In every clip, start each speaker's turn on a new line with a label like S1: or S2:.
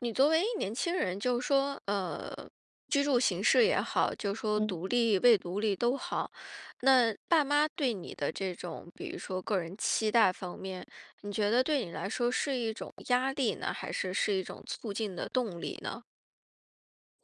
S1: 你作为年轻人，就是说，呃，居住形式也好，就说
S2: 嗯。
S1: 独立未独立都好，那爸妈对你的这种，比如说个人期待方面，你觉得对你来说是一种压力呢，还是是一种促进的动力呢？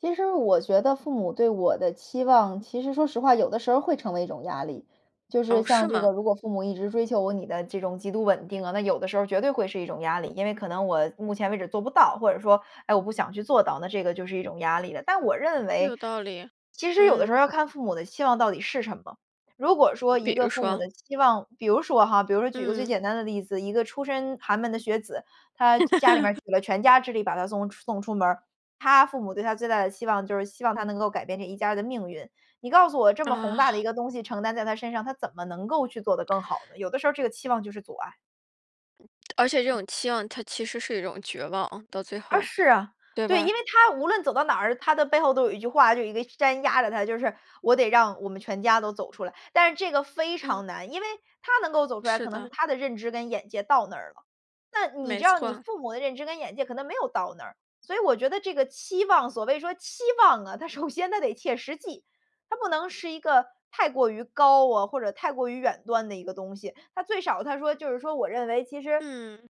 S2: 其实我觉得父母对我的期望，其实说实话，有的时候儿会成为一种压力。就是
S1: 哦，
S2: 像
S1: 是
S2: 这
S1: 吗？
S2: 个如果父母一直追求我你的这种极度稳定啊，那有的时候儿绝对会是一种压力。因为可能我目前为止做不到，或者说，哎，我不想去做到，那这个就是一种压力了。但我认为，
S1: 有道理，
S2: 其实有的时候
S1: 嗯。
S2: 儿要看父母的期望到底是什么。如果说一
S1: 比
S2: 个
S1: 如
S2: 父母
S1: 说
S2: 的期望，比如说哈，比如说举个最
S1: 嗯。
S2: 简单的例子，一个出身寒门的学子，他家里面儿 举了全家之力把他送出送出门儿，他父母对他最大的期望就是希望他能够改变这一家人的命运。你告诉我这么宏大的一
S1: 啊。
S2: 个东西承担在他身上，他怎么能够去做得更好呢？有的时候儿这个期望就是阻碍。
S1: 而且这种期望它其实是一种绝望，到最
S2: 啊，
S1: 后，
S2: 是啊，
S1: 对
S2: 对。因
S1: 吧？
S2: 为他无论走到哪儿，他的背后都有一句话，就有一个山压着他，就是：“我得让我们全家都走出来。”但是这个非
S1: 嗯。
S2: 常难，因为他能够走出来，
S1: 是
S2: 可能是
S1: 的。
S2: 他的认知跟眼界到那儿了。那你
S1: 没
S2: 知道你
S1: 错。
S2: 父母的认知跟眼界可能没有到那儿，所以我觉得这个期望所谓说期望啊，它首先它得切实际，它不能是一个太过于高啊，或者太过于远端的一个东西。它最少它说就是说我认为其实
S1: 嗯。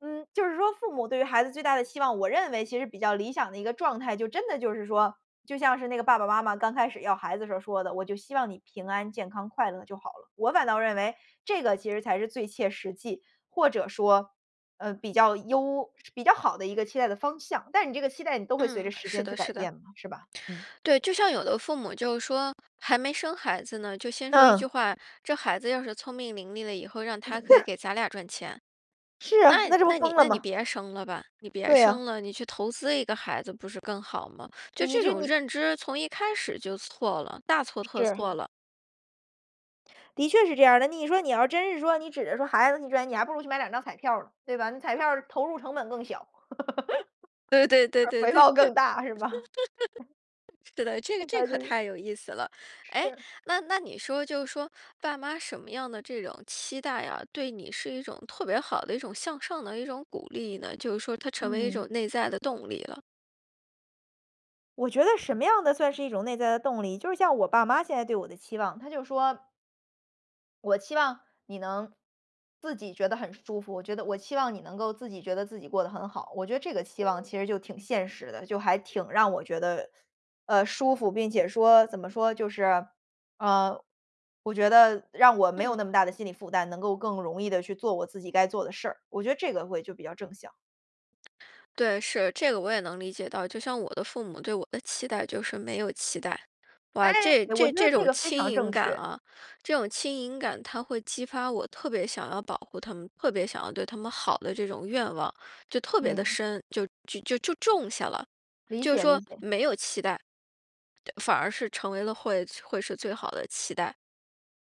S2: 嗯，就是说父母对于孩子最大的期望，我认为其实比较理想的一个状态就真的就是说，就像是那个爸爸妈妈刚开始要孩子时候儿说的：“我就希望你平安健康快乐就好了。”我反倒认为这个其实才是最切实际，或者说，呃，比较优、比较好的一个期待的方向。但是你这个期待你都会随
S1: 嗯，
S2: 着时
S1: 是
S2: 间去
S1: 的
S2: 改
S1: 是的。
S2: 变嘛，是吧？嗯。
S1: 对，就像有的父母就是说还没生孩子呢，就先说一句
S2: 嗯。
S1: 话：”这孩子要是聪明伶俐了以后让他可以 给咱俩赚钱“。
S2: 是
S1: 那
S2: 啊，那这不
S1: 那你
S2: 疯了
S1: 那你
S2: 吗？
S1: 别生了吧，你别
S2: 对啊。
S1: 生了，你去投资一个孩子不是更好吗？就
S2: 你
S1: 这
S2: 就
S1: 种
S2: 你
S1: 认知从一开始就错了，大错特
S2: 是。
S1: 错了。
S2: 的确是这样儿的，你说你要真是说你指着说孩子给你赚，你还不如去买两张彩票儿呢，对吧？那彩票儿，投入成本更小。
S1: 对对 对
S2: 是
S1: 对
S2: 回
S1: 对。
S2: 报更大是吧？
S1: 是的，这个
S2: 那
S1: 这
S2: 个就
S1: 可
S2: 是
S1: 太有意思了。诶，
S2: 是。
S1: 那那你说就是说，爸妈什么样的这种期待啊，对你是一种特别好的一种向上的一种鼓励呢？就是说它成为一
S2: 嗯。
S1: 种内在的动力了。
S2: 我觉得什么样的算是一种内在的动力，就是像我爸妈现在对我的期望，他就说我期望你能自己觉得很舒服，我觉得我期望你能够自己觉得自己过得很好，我觉得这个期望其实就挺现实的，就还挺让我觉得，呃，舒服，并且说怎么说？就是，呃，我觉得让我没有
S1: 嗯。
S2: 那么大的心理负担，能够更容易地去做我自己该做的事儿，我觉得这个会就比较正向。
S1: 对，是，这个我也能理解到，就像我的父母对我的期待就是没有期待。
S2: 哎，
S1: 哇，这
S2: 我
S1: 这
S2: 觉得
S1: 这
S2: 这
S1: 种
S2: 个非
S1: 轻
S2: 常
S1: 盈
S2: 正
S1: 感
S2: 确。
S1: 啊，这种轻盈感它会激发我特别想要保护他们，特别想要对他们好的这种愿望，就特别地
S2: 嗯。
S1: 深，就就就就种下了。
S2: 理
S1: 就是
S2: 解理
S1: 说
S2: 解。
S1: 没有期待，对反而是成为了会会是最好的期待。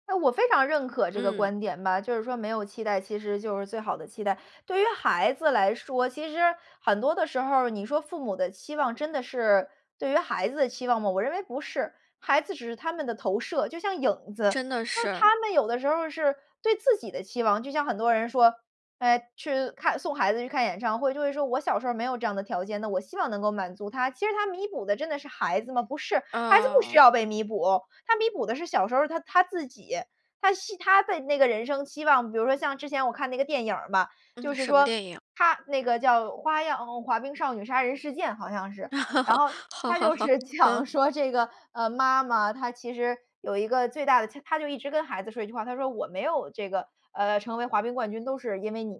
S2: 诶，我非常认可这个
S1: 嗯。
S2: 观点吧，就是说没有期待，其实就是最好的期待。对于孩子来说，其实很多的时候儿，你说父母的期望真的是，对于孩子的期望吗？我认为不是。孩子只是他们的投射，就像影子。
S1: 真的
S2: 那
S1: 是。
S2: 他们有的时候儿是对自己的期望。就像很多人说，诶去看送孩子去看演唱会，就会说我小时候儿没有这样的条件，那我希望能够满足他。其实他弥补的真的是孩子吗？不是，孩子不需
S1: 哦。
S2: 要被弥补，他弥补的是小时候儿他他自己，他希他的那个人生期望。比如说像之前我看那个电影儿嘛，就
S1: 嗯，
S2: 是
S1: 什么
S2: 说
S1: 电影？
S2: 它那个叫《花漾少女杀人事件》，好像是。然 后
S1: 好
S2: 它
S1: 好
S2: 就
S1: 好，
S2: 是讲
S1: 嗯。
S2: 说这个呃妈妈她其实有一个最大的切她就一直跟孩子说一句话，她说：“我没有这个呃成为滑冰冠军都是因为你。”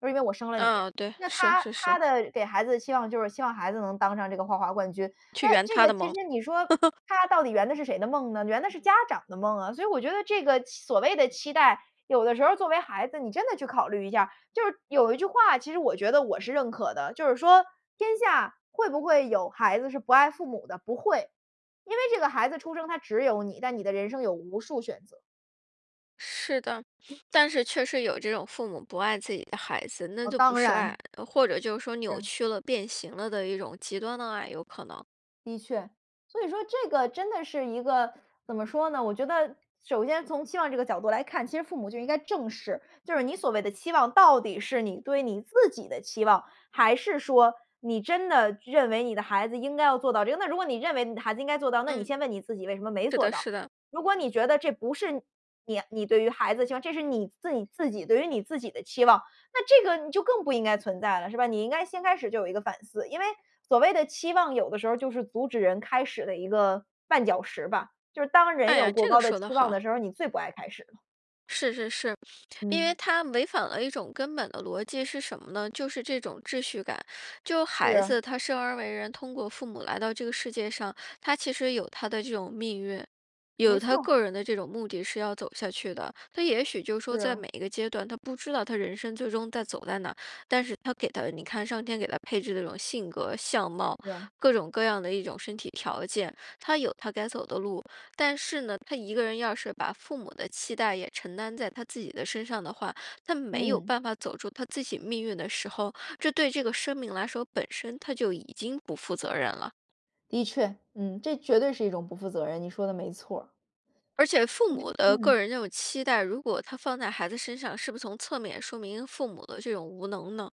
S2: 她说：“因为我生了你。”
S1: 嗯，对。
S2: 那
S1: 是
S2: 她
S1: 是是。
S2: 她的给孩子的期望就是希望孩子能当上这个花滑冠军。
S1: 去
S2: 那
S1: 圆
S2: 这
S1: 她
S2: 个
S1: 的
S2: 其实
S1: 梦。
S2: 你说 她到底圆的是谁的梦呢？圆的是家长的梦啊。所以我觉得这个期所谓的期待，有的时候儿作为孩子，你真的去考虑一下儿就是有一句话，其实我觉得我是认可的，就是说：“天下会不会有孩子是不爱父母的？不会。”因为这个孩子出生，他只有你，但你的人生有无数选择。
S1: 是的，
S2: 嗯。
S1: 但是确实有这种父母不爱自己的孩子，那
S2: 哦，
S1: 就不
S2: 当
S1: 是爱。
S2: 然。
S1: 或者就是说扭
S2: 是。
S1: 曲了、变形了的一种极端的爱，有可能。
S2: 的确。所以说这个真的是一个怎么说呢？我觉得首先从期望这个角度来看，其实父母就应该正视。就是你所谓的期望到底是你对你自己的期望，还是说，你真的认为你的孩子应该要做到这个。那如果你认为你的孩子应该要做到，那你
S1: 嗯。
S2: 先问你自己为什么没
S1: 是
S2: 做
S1: 的，
S2: 到？
S1: 是的。
S2: 如果你觉得这不是你你对于孩子的期望，这是你自己自己对于你自己的期望，那这个你就更不应该存在了，是吧？你应该先开始就有一个反思。因为所谓的期望，有的时候儿就是阻止人开始的一个绊脚石吧，就是当人
S1: 哎
S2: 有
S1: 呀，
S2: 过
S1: 这个
S2: 高的
S1: 说
S2: 期
S1: 得
S2: 望的
S1: 好。
S2: 时候儿，你最不爱开始了。
S1: 是是是，因为
S2: 嗯。
S1: 它违反了一种根本的逻辑是什么呢？就是这种秩序感。就孩
S2: 是。
S1: 子他生而为人通过父母来到这个世界上，他其实有他的这种命运。有
S2: 没
S1: 他
S2: 错。
S1: 个人的这种目的是要走下去的。他也许就
S2: 是
S1: 说在
S2: 啊。
S1: 每一个阶段，他不知道他人生最终在走在哪，但是他给他，你看上天给他配置的这种性格、相貌，
S2: 是啊。
S1: 各种各样的一种身体条件，他有他该走的路。但是呢，他一个人要是把父母的期待也承担在他自己的身上的话，他没有
S2: 嗯。
S1: 办法走出他自己命运的时候，这对这个生命来说，本身他就已经不负责任了。
S2: 的确。嗯，这绝对是一种不负责任，你说得没错儿。
S1: 而且父
S2: 嗯，
S1: 母的
S2: 嗯。
S1: 个人这种期待，如果它放在孩子身上，是不从侧面说明父母的这种无能呢？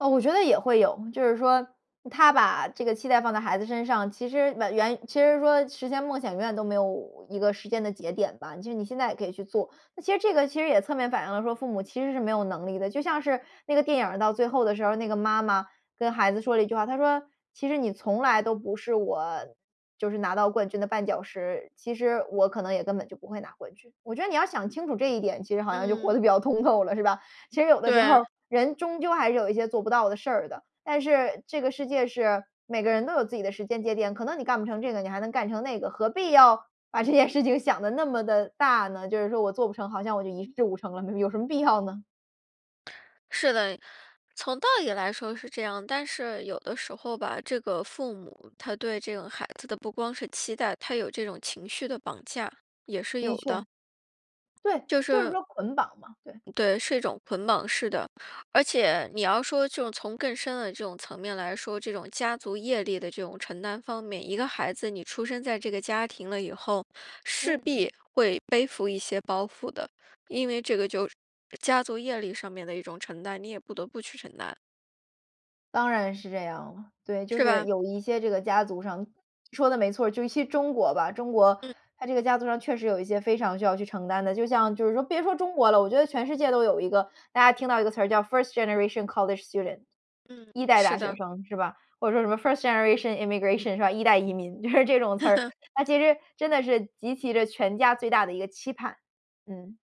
S2: 哦，我觉得也会有。就是说他把这个期待放在孩子身上，其实晚原其实说实现梦想永远都没有一个时间的节点吧，就是你现在也可以去做。那其实这个其实也侧面反映了说父母其实是没有能力的。就像是那个电影儿到最后的时候儿，那个妈妈跟孩子说了一句话，她说：“其实你从来都不是我就是拿到冠军的绊脚石，其实我可能也根本就不会拿冠军。”我觉得你要想清楚这一点，其实好像就活得
S1: 嗯。
S2: 比较通透了是吧？其实有的时候儿
S1: 对。
S2: 人终究还是有一些做不到的事儿的，但是这个世界是每个人都有自己的时间节点，可能你干不成这个，你还能干成那个，何必要把这件事情想得那么地大呢？就是说我做不成，好像我就一事无成了。没没有什么必要呢？
S1: 是的，从道理来说是这样。但是有的时候吧，这个父母，他对这个孩子的不光是期待，他有这种情绪的绑架。也是
S2: 的
S1: 有的。
S2: 确。对，
S1: 就
S2: 就是
S1: 是
S2: 说捆绑嘛，对。
S1: 嗯，对，是一种捆绑式的。而且你要说就从更深的这种层面来说，这种家族业力的这种承担方面，一个孩子你出生在这个家庭了以后，势
S2: 嗯。
S1: 必会背负一些包袱的。因为这个就是家族业力上面的一种承担，你也不得不去承担。
S2: 当然是这样了，对，就
S1: 是
S2: 是
S1: 吧？
S2: 有一些这个家族上说得没错，就尤其中国吧，中国
S1: 嗯。
S2: 它这个家族上确实有一些非常需要去承担的，就像就是说别说中国了，我觉得全世界都有一个。大家听到一个词儿叫 first generation college student，
S1: 嗯，
S2: 一代
S1: 是
S2: 大学
S1: 的。
S2: 生，是吧？或者说什么 first generation immigration 是吧？一代移民，就是这种词儿。他 其实真的是集齐着全家最大的一个期盼，嗯。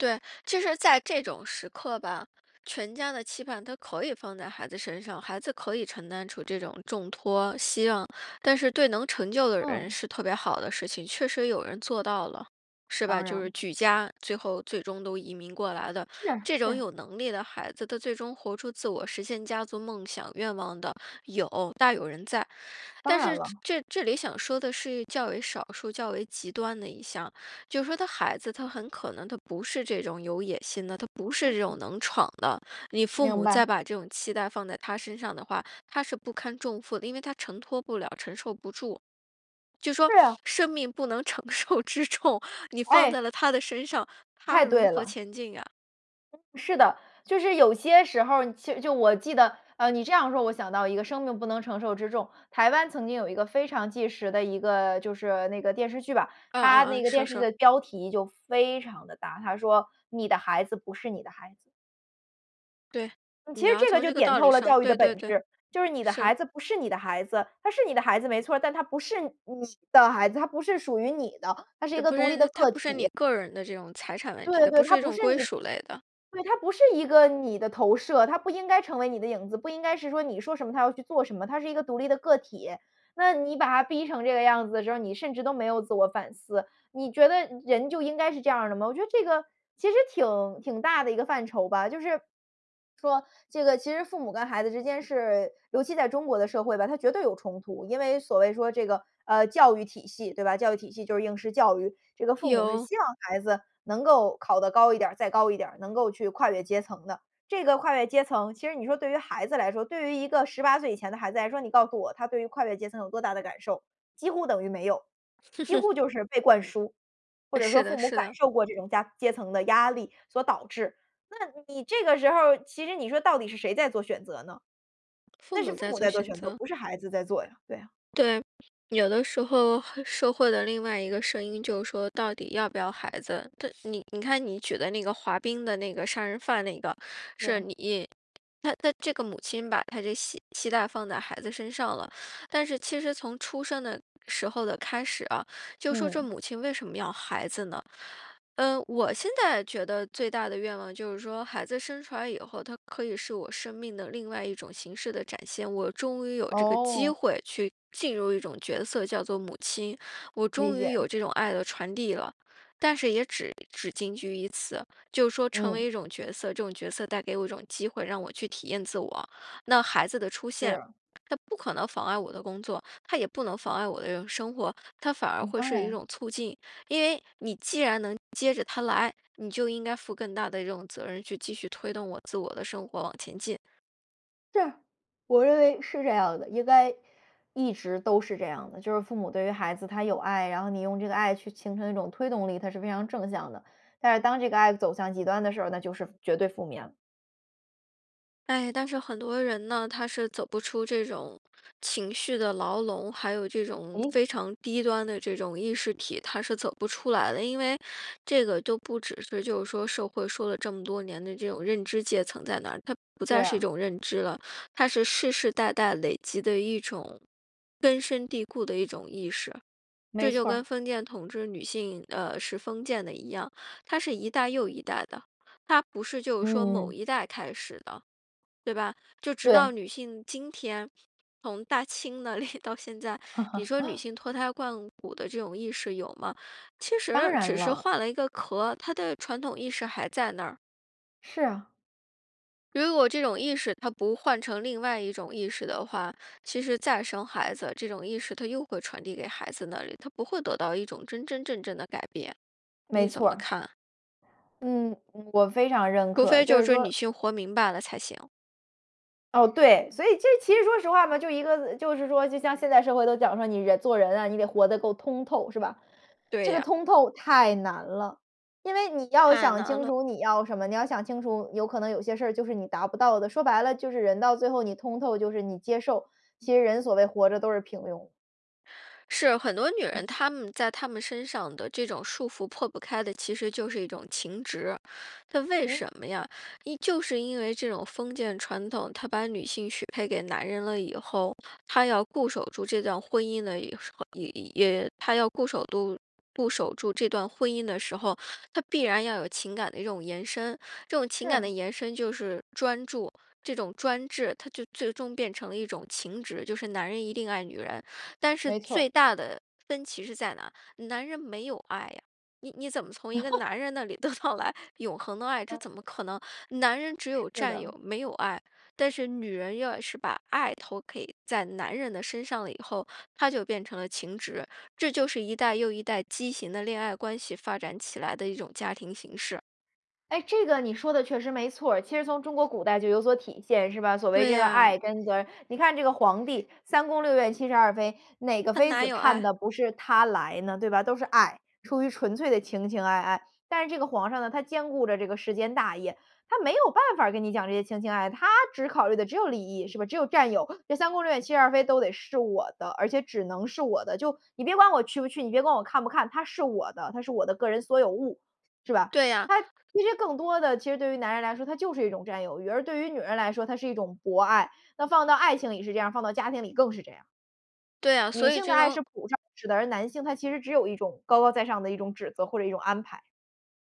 S1: 对，其实在这种时刻吧，全家的期盼它可以放在孩子身上，孩子可以承担出这种重托、希望，但是对能成就的人
S2: 嗯。
S1: 是特别好的事情，确实有人做到了，是
S2: 当
S1: 吧？就是
S2: 然。
S1: 举家，最后最终都移民过来的。
S2: 是
S1: 这种
S2: 是。
S1: 有能力的孩子，他最终活出自我实现家族梦想愿望的，有大有人在。
S2: 当
S1: 但
S2: 然
S1: 是
S2: 了。
S1: 这这里想说的是较为少数、较为极端的一项，就是说他孩子他很可能他不是这种有野心的，他不是
S2: 嗯，
S1: 这
S2: 嗯。
S1: 种能闯的。你父
S2: 明
S1: 母
S2: 白。
S1: 再把这种期待放在他身上的话，他是不堪重负的，因为他承托不了、承受不住，就说
S2: 是啊。
S1: 生命不能承受之重，你放
S2: 哎。
S1: 在了他的身上，
S2: 太
S1: 他如
S2: 对
S1: 何
S2: 了。
S1: 前进呀？
S2: 嗯，是的，就是有些时候儿，其实就我记得，呃，你这样说，我想到一个“生命不能承受之重”。台湾曾经有一个非常纪实的一个就是那个电视剧吧，
S1: 嗯嗯
S2: 它那
S1: 嗯，
S2: 个电
S1: 说
S2: 视剧
S1: 说。
S2: 的标题就非常地大，它说《你的孩子不是你的孩子》。
S1: 对，
S2: 其
S1: 你
S2: 实
S1: 要
S2: 这个
S1: 从
S2: 就
S1: 这个
S2: 点
S1: 道
S2: 透
S1: 理
S2: 了
S1: 上，
S2: 教育的
S1: 对
S2: 本
S1: 对对，
S2: 质，就是你的
S1: 是。
S2: 孩子不是你的孩子，他是你的孩子没错儿，但他不是你的孩子，他不是属于你的，他是一
S1: 嘚，
S2: 个
S1: 不
S2: 独立
S1: 是
S2: 的
S1: 那他
S2: 个
S1: 不是
S2: 体。
S1: 你个人的这种财产问题，
S2: 对
S1: 他
S2: 对，
S1: 不
S2: 他
S1: 是一
S2: 不
S1: 种
S2: 是
S1: 归
S2: 你
S1: 属类的。
S2: 对，他不是一个你的投射，他不应该成为你的影子，不应该是说，你说什么他要去做什么，他是一个独立的个体。那你把他逼成这个样子的时候儿，你甚至都没有自我反思，你觉得人就应该是这样儿的吗？我觉得这个其实挺挺大的一个范畴吧，就是说这个其实父母跟孩子之间是尤其在中国的社会吧，它绝对有冲突，因为所谓说这个，呃，教育体系对吧，教育体系就是应试教育。这个父母是
S1: 有。
S2: 希望孩子能够考得高一点儿，再高一点儿，能够去跨越阶层的。这个跨越阶层，其实你说对于孩子来说，对于一个18岁以前的孩子来说，你告诉我，他对于跨越阶层有多大的感受？几乎等于没有，几乎 就是被灌输，或
S1: 呃，
S2: 者
S1: 是
S2: 说
S1: 的，
S2: 父母
S1: 是
S2: 感
S1: 的。
S2: 受过这种家阶层的压力所导致。那你这个时候儿，其实你说到底是谁在做选择呢？
S1: 父
S2: 那是
S1: 母
S2: 父
S1: 在
S2: 母
S1: 做
S2: 在做
S1: 选
S2: 选择，
S1: 择。
S2: 不是孩子在做呀，对呀。
S1: 对，有的时候，社会的另外一个声音就是说到底要不要孩子，它你你看你举的那个滑冰的那个杀人犯那个，是
S2: 是。
S1: 你她她这个母亲把她这希希待放在孩子身上了。但是其实从出生的时候的开始啊，就说这
S2: 嗯。
S1: 母亲为什么要孩子呢？呃，我现在觉得最大的愿望就是说，孩子生出来以后，他可以是我生命的另外一种形式的展现，我终于有这个机
S2: 哦。
S1: 会去进入一种角色叫做母亲，我
S2: 理
S1: 终于有
S2: 解。
S1: 这种爱的传递了，但是也只只仅举于此，就是说成为
S2: 嗯。
S1: 一种角色，这种角色带给我一种机会，让我去体验自我。那孩子的出现，
S2: 是。
S1: 他不可能妨碍我的工作，他也不能妨碍我这个生活，他反而
S2: 嗯，
S1: 会
S2: 当
S1: 是一
S2: 然。
S1: 种促进，因为你既然能接着他来，你就应该负更大的一种责任，去继续推动我自我的生活往前进。
S2: 是，我认为是这样的，应该一直都是这样的。就是父母对于孩子他有爱，然后你用这个爱去形成一种推动力，它是非常正向的。但是当这个爱走向极端的时候，那就是绝对负面。
S1: 唉，但是很多人呢，他是走不出这种情绪的牢笼，还有这种
S2: 咦？
S1: 非常低端的这种意识体，他是走不出来的。因为这个都不只是就是说社会说了这么多年的这种认知阶层在哪，它不
S2: 对
S1: 再是一
S2: 啊。
S1: 种认知了，它是世世代代累积的一种根深蒂固的一种意识。
S2: 没
S1: 这就
S2: 错
S1: 跟
S2: 儿。
S1: 封建统治女性呃是封建的一样，它是一代又一代的，它不是就是说某
S2: 嗯。
S1: 一代开始的，对吧？就直到
S2: 对。
S1: 女性今天，从大清那里到现在，你说女 性脱胎换骨的这种意识有吗？其
S2: 当
S1: 实
S2: 然
S1: 只是
S2: 了。
S1: 换了一个壳，它的传统意识还在那儿。
S2: 是啊。
S1: 如果这种意识它不换成另外一种意识的话，其实再生孩子，这种意识它又会传递给孩子那里，它不会得到一种真真正正的改变。你
S2: 没
S1: 怎
S2: 错
S1: 么
S2: 儿。
S1: 看？
S2: 嗯，嗯我非常认
S1: 除
S2: 可。
S1: 非
S2: 就
S1: 就
S2: 是
S1: 是
S2: 儿
S1: 说
S2: 说
S1: 女性活明白了才行。
S2: 哦，对，所以这其实说实话嘛，就一个呃，就是说就像现在社会都讲说你人做人啊，你得活得够通透是吧？
S1: 对
S2: 这个
S1: 呀。
S2: 通透太难了，因为你要
S1: 太
S2: 想
S1: 难
S2: 清
S1: 了。
S2: 楚你要什么，你要想清楚有可能有些事儿就是你达不到的。说白了就是人到最后你通透就是你接受，其实人所谓活着都是平庸。
S1: 是，很多女人，
S2: 嗯。
S1: 她们在她们身上的这种束缚破不开的，其实就是一种情执。她为
S2: 嗯？
S1: 什么呀？因就是因为这种封建传统，她把女性许配给男人了以后，她要固守住这段婚姻的一时候一一，也她要固守住固守住这段婚姻的时候，她必然要有情感的一种延伸。这种情感
S2: 是。
S1: 的延伸就是专注。这种专注，它就最终变成了一种情执，就是男人一定爱女人。但是
S2: 没错儿。
S1: 最大的分歧是在哪？男人没有爱啊。你你怎么从一个 男人那里得到来永恒的爱，这
S2: 嗯，
S1: 怎
S2: 嗯。
S1: 么可能？男人只有
S2: 是
S1: 占
S2: 的。
S1: 有没有爱。但是女人要是把爱投给在男人的身上了以后，她就变成了情执。这就是一代又一代畸形的恋爱关系发展起来的一种家庭形式。
S2: 哎，这个你说的确实没错儿。其实从中国古代就有所体现，是吧？所谓
S1: 对
S2: 这个
S1: 呀。
S2: 爱跟责任。你看这个皇帝，三宫六院七十二妃，哪个
S1: 他
S2: 妃
S1: 哪
S2: 子
S1: 有
S2: 盼
S1: 爱！
S2: 的不是他来呢，对吧？都是爱，出于纯粹的情情爱爱。但是这个皇上呢，他兼顾着这个世间大业，他没有办法儿跟你讲这些情情爱爱。他只考虑的只有利益，是吧？只有占有。这三宫六院七十二妃都得是我的，而且只能是我的。就你别管我去不去，你别管我看不看，她是我的，她是我的个人所有物，是吧？
S1: 对呀。
S2: 它其实更多地其实对于男人来说，它就是一种占有欲。而对于女人来说，它是一种博爱。那放到爱情里是这样儿，放到家庭里更是这样儿。
S1: 对呀，所
S2: 女
S1: 以
S2: 性的
S1: 这
S2: 爱
S1: 种
S2: 是普 [unintelligible] 式的，而男性他其实只有一种高高在上的一种指责或者一种安排。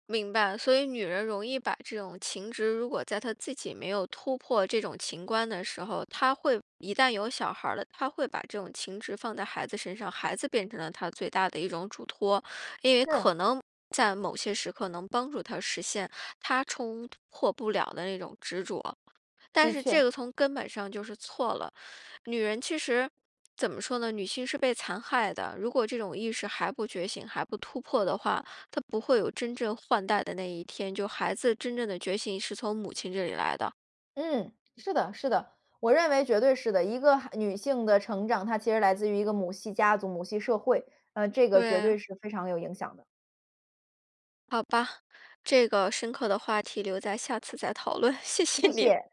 S1: 明白。所以女人容易把这种情执，如果在她自己没有突破这种情关的时候，她会一旦有小孩儿了，她会把这种情执放在孩子身上，孩子变成了她最大的一种嘱托。因为
S2: 是。
S1: 可能在某些时刻能帮助她实现她冲破不了的那种执着。但
S2: 的
S1: 是这
S2: 确。
S1: 个从根本上就是错了。女人其实怎么说呢，女性是被残害的。如果这种意识还不觉醒，还不突破的话，她不会有真正换代的那一天，就孩子真正的觉醒是从母亲这里来的。
S2: 嗯，是的，是的，我认为绝对是的。一个哈女性的成长，她其实来自于一个母系家族、母系社会，呃，这个绝
S1: 对。
S2: 对是非常有影响的。
S1: 好吧，这个深刻的话题留在下次再讨论，谢谢
S2: 谢
S1: 你。
S2: 谢。